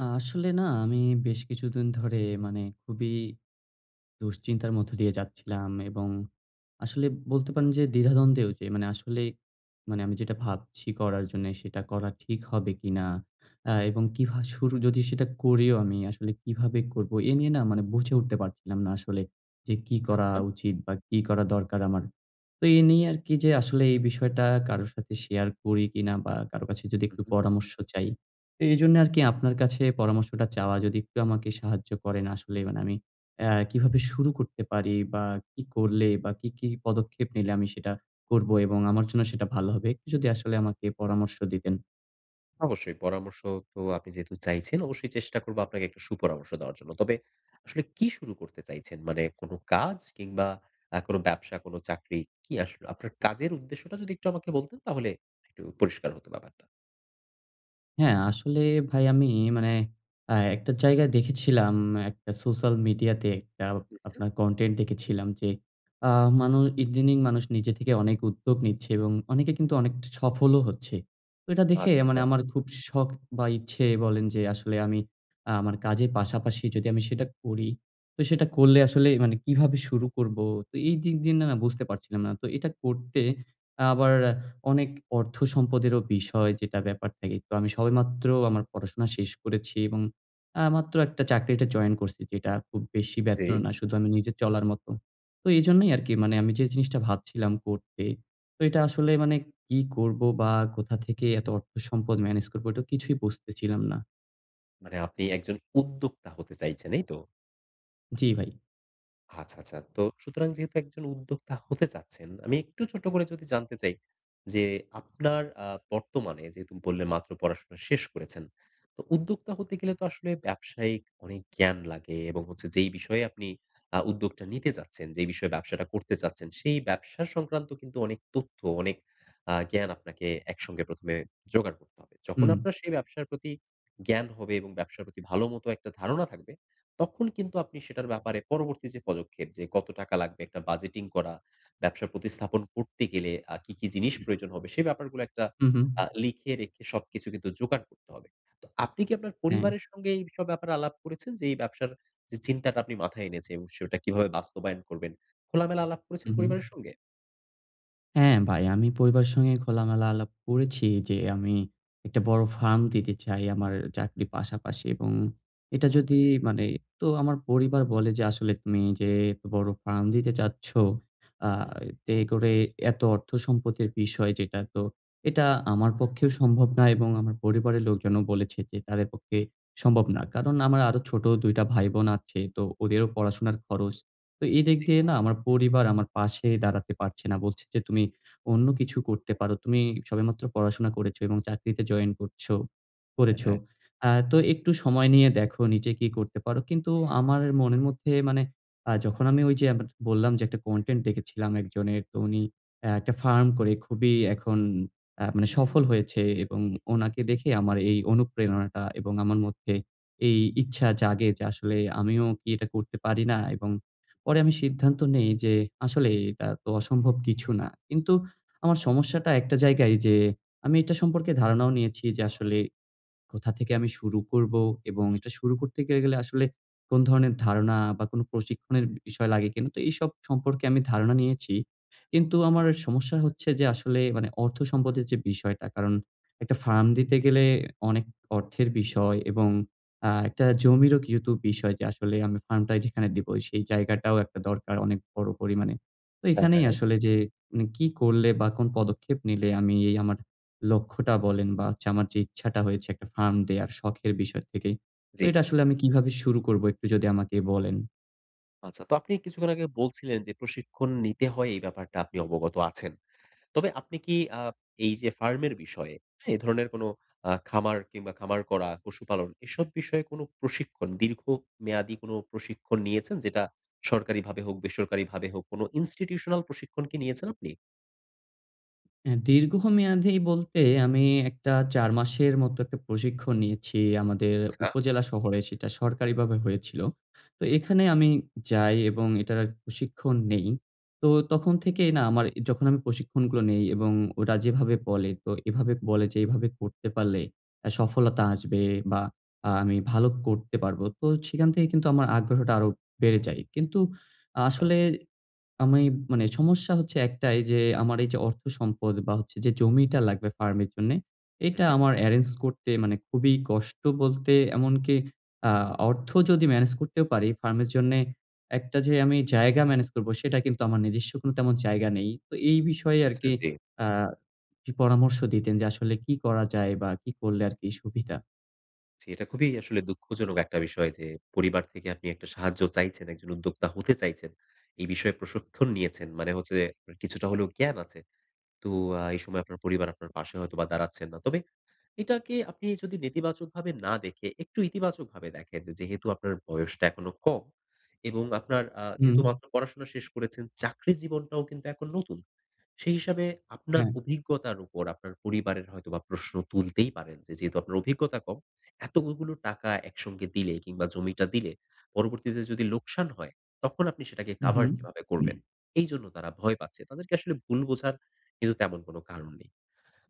আসলে না, আমি বেশ কিছুদিন ধরে, মানে খুবই দুশ্চিন্তার মধ্য দিয়ে যাচ্ছিলাম এবং আসলে বলতে পারেন যে, দ্বিধা-দ্বন্দ্বই ওইটি মানে আসলে মানে আমি যেটা ভাবছি করার জন্যে সেটা করা ঠিক হবে কিনা? অ্যা এবং কি ভা শুরু যদি সেটা করিও আমি, আসলে কিভাবে করব? এ নিয়ে না, মানে বুঝে উঠতে পারছিলাম না আসলে যে, কি আচ্ছা, করা আচ্ছা। উচিত? বা কি করা দরকার আমার? তো এ নিয়ে আরকি যে, আসলে এই বিষয়টা কারো সাথে শেয়ার করি কিনা, বা কারো কাছে যদি হুম, একটু হুম। পরামর্শ চাই। তো এজন্য আরকি, আপনার কাছে পরামর্শটা চাওয়া। যদি একটু আমাকে সাহায্য করেন। আসলে মানে, আমি অ্যা কিভাবে শুরু করতে পারি, বা কি করলে বা কি, কি পদক্ষেপ নিলে আমি সেটা করবো এবং আমার জন্য সেটা ভালো হবে? একটু যদি আসলে আমাকে পরামর্শ দিতেন। অবশ্যই পরামর্শ তো আপনি যেহেতু চাইছেন, অবশ্যই চেষ্টা করব আপনাকে একটা সুপরামর্শ দেওয়ার জন্য। তবে আসলে কি শুরু করতে চাইছেন? মানে কোনো কাজ, কিংবা আ কোনো ব্যবসা, কোনো চাকরি, কি আসলে? আপনার কাজের উদ্দেশ্যটা যদি একটু আমাকে বলতেন, তাহলে একটু পরিষ্কার হতো ব্যাপারটা। হ্যাঁ, আসলে ভাই আমি মানে আ একটা জায়গায় দেখেছিলাম, একটা সোশ্যাল মিডিয়াতে একটা হু, হুম। আপনার কনটেন্ট দেখেছিলাম যে, আ মানু ইদানিং মানুষ নিজে থেকে অনেক উদ্যোগ নিচ্ছে এবং অনেকে কিন্তু অনেক সফলও হচ্ছে। তো এটা দেখে আচ্ছা, মানে আচ্ছা। আমার খুব শখ বা ইচ্ছে বলেন যে আসলে আমি আ আমার কাজের পাশাপাশি যদি আমি সেটা করি, তো সেটা করলে আসলে মানে কিভাবে শুরু করব? তো এই দিক দিয়ে না বুঝতে পারছিলাম না। তো এটা করতে আবার অ্যা অনেক অর্থ-সম্পদেরও বিষয়, যেটা ব্যাপার থাকে। তো আমি সবেমাত্র আমার পড়াশোনা শেষ করেছি এবং আ মাত্র একটা চাকরিতে জয়েন করছি, যেটা খুব বেশি বেতন ও জ্বী। না। শুধু আমি নিজে চলার মতো। তো এইজন্যই আরকি মানে, আমি যে জিনিসটা ভাবছিলাম করতে, তো এটা আসলে মানে কি করব, বা কোথা থেকে এত অর্থ-সম্পদ হুম। ম্যানেজ করব? এটা কিছুই বুঝতেছিলাম না। মানে আপনি একজন উদ্যোক্তা হতে চাইছেন, এই তো? জি, ভাই। আচ্ছা, আচ্ছা। তো সুতরাং, যেহেতু একজন উদ্যোক্তা হতে চাচ্ছেন, আমি একটু ছোট্ট করে যদি জানতে চাই যে আপনার আ বর্তমানে যেহেতু বললেন মাত্র পড়াশোনা শেষ করেছেন। তো উদ্যোক্তা হতে গেলে তো আসলে ব্যবসায়িক অনেক জ্ঞান লাগে এবং হচ্ছে যেই বিষয়ে আপনি আ উদ্যোগটা নিতে চাচ্ছেন, যেই বিষয়ে ব্যবসাটা করতে চাচ্ছেন, সেই ব্যবসা সংক্রান্ত কিন্তু অনেক তথ্য, অনেক আ জ্ঞান আপনাকে একসঙ্গে ১ম এ জোগাড় করতে হবে। যখন হুম। আপনার সেই ব্যবসার প্রতি জ্ঞান হবে এবং ব্যবসার প্রতি ভালোমতো একটা ধারণা থাকবে, তখন কিন্তু আপনি সেটার ব্যাপারে পরবর্তী যে পদক্ষেপ যে কত টাকা লাগবে, একটা বাজেটিং করা, ব্যবসার প্রতিস্থাপন করতে গেলে আ কি, কি জিনিস প্রয়োজন হবে? সেই ব্যাপারগুলো একটা হুম, হুম। আ লিখে রেখে সবকিছু কিন্তু যোগাড় করতে হবে। তো আপনি কি আপনার হ্যাঁ। পরিবারের সঙ্গে এইসব ব্যাপারে আলাপ করেছেন? যে এই ব্যবসার যে চিন্তাটা আপনি মাথায় এনেছেন এবং সেটা কিভাবে বাস্তবায়ন করবেন, খোলামেলা আলাপ করেছেন হুম, হুম। পরিবারের সঙ্গে? হ্যাঁ, ভাই। আমি পরিবারের সঙ্গে খোলামেলা আলাপ করেছি যে, আমি একটা বড় ফার্ম দিতে চাই। আমার চাকরির পাশাপাশি এবং এটা যদি মানে তো আমার পরিবার বলে যে, আসলে তুমি যে এত বড় ফার্ম দিতে চাচ্ছ আ হুম, হুম। এ করে এত অর্থ সম্পতির বিষয় যেটা, তো এটা আমার পক্ষেও সম্ভব না এবং আমার পরিবারের লোকজনও বলেছে কি তাদের পক্ষে সম্ভব না। কারণ, আমার আরো ছোট ২ টা ভাই বোন আছে। তো ওদেরও পড়াশোনার খরচ। তো এদিক জি। দিয়ে না আমার পরিবার আমার পাশে দাঁড়াতে পারছে না। বলছে যে তুমি অন্য কিছু করতে পারো। তুমি সবেমাত্র পড়াশোনা করেছ এবং চাকরিতে জয়েন করছো হ্যাঁ, করেছো। হ্যাঁ। আ তো একটু সময় নিয়ে দেখো নিজে কি করতে পারো। কিন্তু আমার মনের মধ্যে মানে আ যখন আমি ঐযে আবে বললাম যে একটা কনটেন্ট দেখেছিলাম একজনের। তো উনি অ্যা একটা ফার্ম করে খুবই এখন আ মানে সফল হয়েছে এবং উনাকে দেখে আমার এই অনুপ্রেরণাটা এবং আমার মধ্যে এই ইচ্ছা জাগে যে আসলে আমিও কি এটা করতে পারি না? এবং পরে আমি সিদ্ধান্ত নেই যে আসলে এটা তো অসম্ভব কিছু না। কিন্তু আমার সমস্যাটা একটা জায়গায় যে, আমি এটা সম্পর্কে ধারণাও নিয়েছি যে, আসলে কোথা থেকে আমি শুরু করবো এবং এটা শুরু করতে গে গেলে আসলে কোন ধরনের ধারণা বা, কোন প্রশিক্ষণের ব বিষয় লাগে কিনা। তো এইসব সম্পর্কে আমি ধারণা নিয়েছি। কিন্তু জি। আমার এ সমস্যা হচ্ছে যে আসলে মানে অর্থ সম্পদের যে বিষয়টা। কারণ, একটা ফার্ম দিতে গেলে অনেক অর্থের বিষয় এবং আ একটা জমিরও কিন্তু বিষয় যে আসলে আমি ফার্মটা যেখানে দিব, সেই জায়গাটাও একটা দরকার অনেক বড় পরিমাণে। তো হ্যাঁ, এখানেই হ্যাঁ। আসলে যে মানে কি করলে বা, কোন পদক্ষেপ নিলে আমি এই আমার লক্ষ্যটা বলেন বা, হচ্ছে আমার যে ইচ্ছাটা হয়েছে একটা ফার্ম দেয়ার শখের বিষয় থেকে। তো জি। এটা আসলে আমি কিভাবে শুরু করবো? একটু যদি আমাকে বলেন। আচ্ছা তো আপনি কিছুক্ষণ আগে বলছিলেন যে প্রশিক্ষণ নিতে হয় এই ব্যাপারটা আপনি অবগত আছেন। তবে আপনি কি আ এই যে ফার্মের বিষয়ে এ ধরনের কোন আ খামার কিংবা খামার করা, পশুপালন এসব বিষয়ে কোন প্রশিক্ষণ দীর্ঘ মেয়াদী কোন প্রশিক্ষণ নিয়েছেন? যেটা সরকারিভাবে হোক, বেসরকারিভাবে হোক, কোন Institutional প্রশিক্ষণ কি নিয়েছেন আপনি? অ্যা দীর্ঘমেয়াদী বলতে আমি একটা ৪ মাসের মতো একটা প্রশিক্ষণ নিয়েছি, আমাদের আচ্ছা। উপজেলা শহরে সেটা সরকারিভাবে হয়েছিল। তো হুম। এখানে আমি যাই এবং এটার প্রশিক্ষণ নেই। তো তখন থেকেই না, আমার এ যখন আমি প্রশিক্ষণগুলো নেই এবং ওরা যেভাবে বলে তো এভাবে বলে যে, এভাবে করতে পারলে আ সফলতা আসবে বা আ আমি ভালো করতে পারব। তো সেখান থেকে কিন্তু আমার আগ্রহটা আরো বেড়ে যায়। কিন্তু আচ্ছা। আসলে আমি মানে সমস্যা হচ্ছে ১ টাই যে আমার এই যে অর্থ সম্পদ বা হচ্ছে যে জমিটা লাগবে ফার্মের জন্যে হু, এটা হু। আমার এরেঞ্জ করতে মানে খুবই কষ্ট বলতে এমনকি আ অর্থ যদি মেনেজ করতেও পারি, ফার্মের জন্যে একটা যে আমি জায়গা মেনেজ করব সেটা কিন্তু আমার নিজস্ব কোন তেমন জায়গা নেই। তো এই বিষয়ে আচ্ছা, আরকি জি। আ কিছু পরামর্শ দিতেন যে আসলে কি করা যায়? বা কি করলে আরকি সুবিধা? জি, এটা খুবই আসলে দুঃখজনক একটা বিষয় যে, পরিবার থেকে আপনি একটা সাহায্য চাইছেন, একজন উদ্যোক্তা হতে চাইছেন। এই বিষয়ে প্রশিক্ষণ নিয়েছেন। মানে হচ্ছে যে কিছুটা হলেও জ্ঞান আছে। তো আ এই সময় আপনার পরিবার আপনার পাশে হয়তো বা দাঁড়াচ্ছেন না। তবে এটাকে আপনি যদি নেতিবাচকভাবে না দেখে, একটু ইতিবাচকভাবে দেখেন যেহেতু আপনার বয়সটা এখনো কম এবং আপনার আ হুম। যেহেতু মাত্র পড়াশোনা শেষ করেছেন, চাকরির জীবনটাও কিন্তু এখন নতুন। সেই হিসাবে আপনার হ্যাঁ। অভিজ্ঞতার উপর আপনার পরিবারের হয়তো বা প্রশ্ন তুলতেই পারেন যে, যেহেতু আপনার অভিজ্ঞতা কম, এতগুগুলো টাকা একসঙ্গে দিলে কিংবা জমিটা দিলে, পরবর্তীতে যদি লোকসান হয়, তখন আপনি সেটাকে হুম, কাভার হুম। কিভাবে করবেন? এইজন্য তারা ভয় পাচ্ছে। তাদেরকে আসলে ভুল বোঝার কিন্তু তেমন কোন কারণ নেই।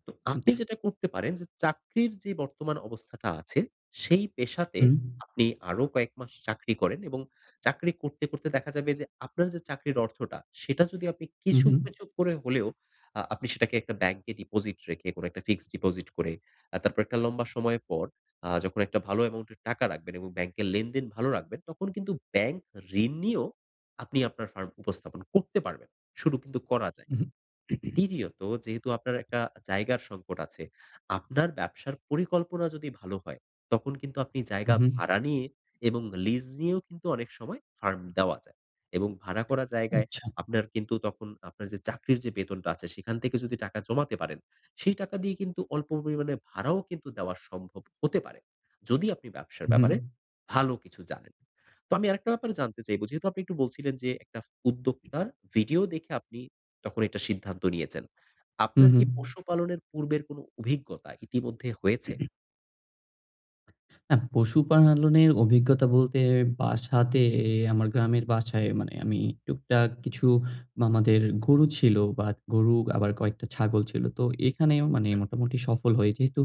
তো আপনি আচ্ছা। যেটা করতে পারেন যে, চাকরির যে বর্তমান অবস্থাটা আছে সেই পেশাতে হুম। আপনি আরো কয়েক মাস চাকরি করেন এবং চাকরি করতে, করতে দেখা যাবে যে, আপনার যে চাকরির অর্থটা, সেটা যদি আপনি হুম, কিছু, হুম। কিছু করে হলেও আ আপনি সেটাকে একটা ব্যাংকে ডিপোজিট রেখে, কোন একটা ফিক্সড ডিপোজিট করে, আ তারপর একটা লম্বা সময়ের পর, আ যখন একটা ভালো অ্যামাউন্ট এর টাকা রাখবেন এবং ব্যাংকের লেনদেন ভালো রাখবেন, তখন কিন্তু ব্যাংক ঋণ নিয়েও আপনি আপনার ফার্ম উপস্থাপন করতে পারবেন। শুধু কিন্তু করা যায়। উহু। দ্বিতীয়ত, যেহেতু আপনার একটা জায়গার সংকট আছে, আপনার ব্যবসার পরিকল্পনা যদি ভালো হয়, তখন কিন্তু আপনি হু, জায়গা হু। ভাড়া নিয়ে এবং লিজ নিয়েও কিন্তু অনেক সময় ফার্ম দেওয়া যায়। এবং ভাড়া করা জায়গায় আচ্ছা। আপনার কিন্তু, তখন আপনার যে চাকরির যে বেতনটা আছে সেখান থেকে যদি টাকা জমাতে পারেন। সেই টাকা দিয়ে কিন্তু অল্প পরিমাণে ভাড়াও কিন্তু দেওয়া সম্ভব হতে পারে। যদি আপনি ব্যবসার হু, ব্যাপারে হু। ভালো কিছু জানেন। তো আমি আরেকটা ব্যাপার জানতে চাইবো, যেহেতু আপনি একটু বলছিলেন যে, একটা উদ্যোক্তার ভিডিও দেখে আপনি তখন একটা সিদ্ধান্ত নিয়েছেন। হু, আপনার হু। কি পশুপালনের পূর্বের কোন অভিজ্ঞতা ইতিমধ্যে হয়েছে? আহ পশুপালনের অভিজ্ঞতা বলতে বাসাতে আমার গ্রামের বাসায় মানে আমি টুকটাক কিছু মামাদের গরু ছিল বা গরু আবার কয়েকটা ছাগল ছিল। তো এখানেও মানে মোটামুটি সফল হই। যেহেতু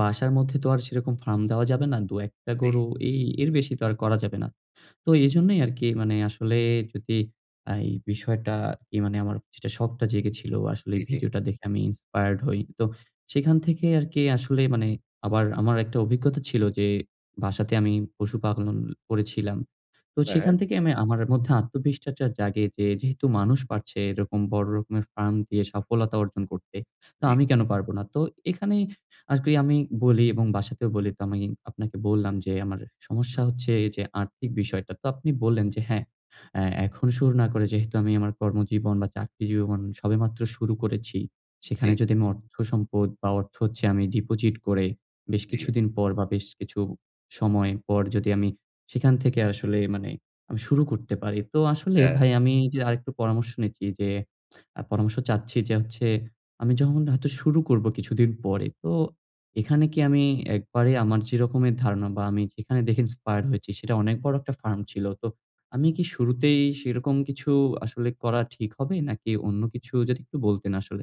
বাসার মধ্যে তো আর সেরকম ফার্ম দেওয়া যাবে না। ২-১ টা জ্বী। গরু এই এর বেশি তো আর করা যাবে না। তো এজন্যই আরকি মানে আসলে যদি আ এই বিষয়টা কি মানে আমার যেটা শখটা জেগেছিল আসলে জ্বী, জ্বী। ভিডিওটা দেখে। আমি Inspired হই। তো সেখান থেকে আরকি আসলে মানে আমার আমার একটা অভিজ্ঞতা ছিল যে বাসাতে আমি পশুপালন করেছিলাম। তো হ্যাঁ, সেখান হ্যাঁ। থেকে আমি আমার মধ্যে আত্মবিশ্বাসটা জাগে যে যেহেতু মানুষ পারছে এরকম বড় রকমের ফার্ম দিয়ে সফলতা অর্জন করতে। তো জ্বী। আমি কেন পারব না? তো এখানেই আরকি আমি বলি এবং বাসাতেও বলি তো আমি আপনাকে বললাম যে আমার সমস্যা হুম। হচ্ছে এই যে আর্থিক বিষয়টা। তো আপনি বললেন যে হ্যাঁ, অ্যা এখন শুরু না করে যেহেতু আমি আমার কর্মজীবন বা চাকরি জীবন সবেমাত্র শুরু করেছি। সেখানে জ্বি। যদি আমি অর্থ সম্পদ বা অর্থ হচ্ছে আমি ডিপোজিট করে বেশ জ্বী। কিছুদিন পর বা বেশ কিছু সময় পর যদি আমি সেখান থেকে আসলে মানে আমি শুরু করতে পারি। তো আসলে হ্যাঁ। ভাই আমি যে আরেকটু পরামর্শ নিচ্ছি। যে আ পরামর্শ চাচ্ছি যে হচ্ছে আমি যখন হয়তো শুরু করব কিছুদিন পরে। তো এখানে কি আমি একবারে আমার যেরকমের ধারণা বা আমি যেখানে দেখে ইন্সপায়ার হয়েছি সেটা অনেক বড় একটা ফার্ম ছিল। তো আমি কি শুরুতেই সেরকম কিছু আসলে করা ঠিক হবে? নাকি অন্য কিছু যদি একটু বলতেন আসলে?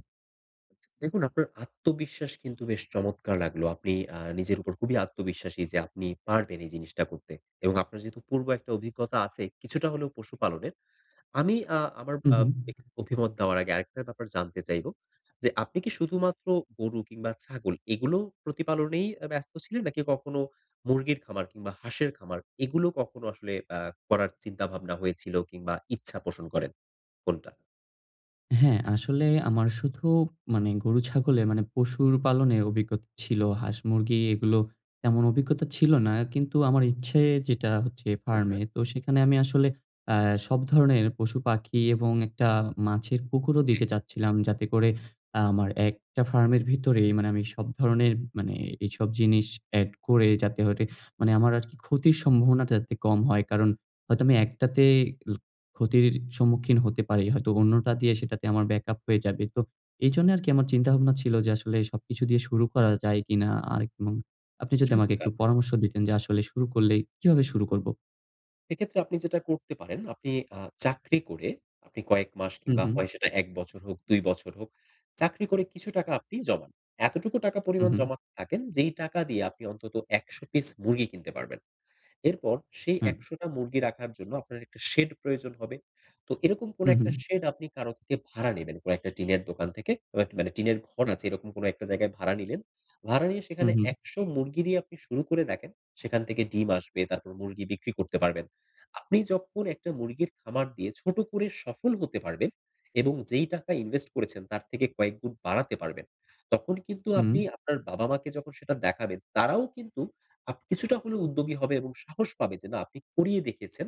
দেখুন আপনার আত্মবিশ্বাস কিন্তু বেশ চমৎকার লাগলো! আপনি আ নিজের উপর খুবই আত্মবিশ্বাসী যে, আপনি পারবেন এই জিনিসটা করতে। এবং আপনার যেহেতু পূর্ব একটা অভিজ্ঞতা আছেই, কিছুটা হলেও পশু-পালনের, আমি আ আমার হুম, আ হুম। এ অভিমত নেওয়ার আগে আরেকটা ব্যাপার জানতে চাইবো যে, আপনি কি শুধুমাত্র গরু কিংবা ছাগল এগুলো প্রতিপালনেই অ্যা ব্যস্ত ছিলেন? নাকি কখনো মুরগির খামার কিংবা হাঁসের খামার, এগুলো কখনো আসলে আ করার চিন্তাভাবনা হয়েছিল কিংবা ইচ্ছা পোষণ করেন? কোনটা? হ্যাঁ, আসলে আমার শুধু মানে গরু-ছাগলে মানে পশুর পালনে অভিজ্ঞতা ছিল। হাঁস-মুরগি এগুলো তেমন অভিজ্ঞতা ছিল না। কিন্তু আমার ইচ্ছে যেটা হচ্ছে হু, ফার্মে, উম। তো সেখানে আমি আসলে আ সব ধরনের পশু-পাখি এবং একটা মাছের পুকুরও জি। দিতে চাচ্ছিলাম। যাতে করে, আমার একটা জি। ফার্মের ভিতরেই মানে আমি সব ধরণের মানে এইসব জিনিস এড করে যাতে ঐটে মানে আমার আর কি ক্ষতির সম্ভাবনাটা যাতে আরকি কম হয়। কারণ হয়তো আমি একটাতে ল ক্ষতির সম্মুখীন হতে পারি। হয়তো অন্যটা দিয়ে সেটাতে আমার ব্যাকআপ হয়ে যাবে। তো এইজন্য আরকি আমার চিন্তা-ভাবনা ছিল যে আসলে সবকিছু দিয়ে শুরু করা যায় কিনা? আরেক এবং আপনি যদি আমাকে একটু চমৎকার। পরামর্শ দিতেন, যে আসলে শুরু করলেই কিভাবে শুরু করব? এক্ষেত্রে আপনি যেটা করতে পারেন আপনি আ চাকরি করে আপনি কয়েক মাস হু, কিংবা হু। হয় সেটা ১ বছর হোক, ২ বছর হোক, চাকরি করে কিছু টাকা আপনি জমান। এতটুকু টাকা হু, পরিমাণ হু। জমাতে থাকেন যেই টাকা দিয়ে আপনি অন্তত ১০০ পিস মুরগি কিনতে পারবেন। এরপর সেই হুম। ১০০ টা মুরগি রাখার জন্য আপনার একটা শেড প্রয়োজন হবে? তো এরকম কোন হু, একটা হু। শেড আপনি কারো থেকে ভাড়া নিবেন। কোন টা টিনের দোকান থেকে। বা এক মানে টিনের ঘন আছে এরকম কোন ১ টা জায়গায় ভাড়া নিলেন। ভাড়া নিয়ে হু, সেখানে হু। ১০০ মুরগি দিয়ে আপনি শুরু করে দেখেন। সেখান থেকে ডিম আসবে, তারপর মুরগি বিক্রি করতে পারবেন। আপনি যখন ১ টা মুরগির খামার দিয়ে ছোট করে সফল হতে পারবেন এবং যেই টাকা ইনভেস্ট করেছেন তার থেকে কয়েকগুণ বাড়াতে পারবেন। তখন কিন্তু আপনি হুম। আপনার বাবা-মাকে যখন সেটা দেখাবেন তারাও কিন্তু আপ কিছুটা হলেও উদ্যোগী হবে এবং সাহস পাবে যে না আপনি করিয়ে দেখেছেন।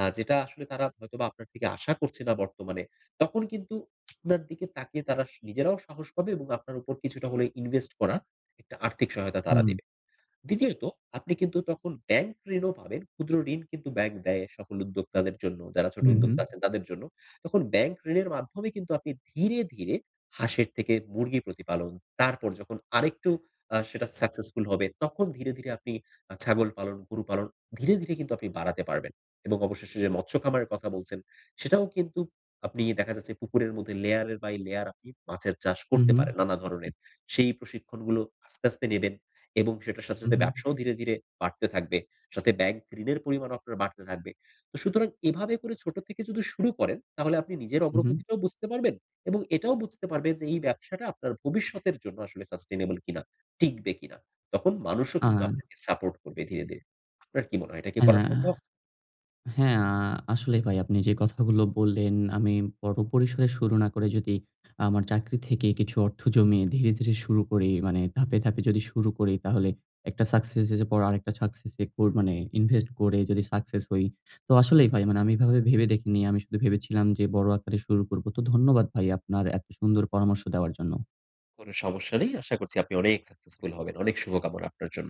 আ যেটা আসলে তারা হয়তোবা আপনার থেকে আশা করছে না বর্তমানে। তখন কিন্তু আপনার দিকে তাকিয়ে তারা নিজেরাও সাহস পাবে এবং আপনার উপর কিছুটা হলে ইনভেস্ট করা একটা আর্থিক সহায়তা তারা হুম। দেবে। দ্বিতীয়ত আপনি কিন্তু তখন ব্যাংক ঋণও পাবেন, ক্ষুদ্র ঋণ কিন্তু ব্যাংক দেয়, সকল উদ্যোক্তাদের জন্য যারা ছোট হু, হু। উদ্যোক্তা আছেন তাদের জন্য। তখন ব্যাংক ঋণের মাধ্যমে কিন্তু আপনি ধীরে, ধীরে হাঁসের থেকে মুরগি প্রতিপালন, তারপর যখন আরেকটু আ সেটা সাকসেসফুল হবে তখন ধীরে, ধীরে আপনি আ ছাগল পালন, গরু পালন ধীরে, ধীরে কিন্তু আপনি বাড়াতে পারবেন এবং অবশেষে যে মৎস্য খামারের কথা বলছেন সেটাও কিন্তু আপনি দেখা যাচ্ছে পুকুরের মধ্যে লেয়ারের বাই লেয়ার আপনি মাছের চাষ হু, করতে হু। পারেন নানা ধরনের। সেই প্রশিক্ষণগুলো আস্তে, আস্তে নিবেন এবং সেটার সাথে, হু, সাথে হু। ব্যবসাও ধীরে, ধীরে বাড়তে থাকবে। সাথে ব্যাংক ঋণের পরিমাণও আপনার বাড়তে থাকবে। তো সুতরাং এভাবে করে ছোট থেকে যদি শুরু করেন তাহলে আপনি নিজের হু, হু। অগ্রগতিটাও বুঝতে পারবেন এবং এটাও বুঝতে পারবেন যে এই ব্যবসাটা আপনার ভবিষ্যতের জন্য আসলে Sustainable কিনা, টিকবে কিনা। তখন মানুষও কিন্তু আ আপনাকে সাপোর্ট করবে ধীরে, ধীরে। আপনার কি মনে হয়? এটা কি হ্যাঁ, করা হ্যাঁ, সম্ভব? আ হ্যাঁ, আ আসলেই ভাই আপনি যে কথাগুলো বললেন আমি বড় পরিসরে শুরু না করে যদি আমার চাকরি থেকে কিছু অর্থ জমিয়ে ধীরে, ধীরে শুরু করি মানে ধাপে, ধাপে যদি শুরু করি তাহলে একটা সাকসেস স এর পর আরেকটা সাকসেস এ কোর মানে ইনভেস্ট করে যদি সাকসেস হই। তো আসলেই ভাই মানে আমি এভাবে ভেবে দেখিনি। আমি শুধু ভেবেছিলাম যে বড় আকারে শুরু করব। তো ধন্যবাদ ভাই আপনার এত সুন্দর পরামর্শ দেওয়ার জন্য। কোন সমস্যা নেই। আশা করছি আপনি অনেক সাকসেসফুল হবেন। অনেক শুভকামনা আপনার জন্য।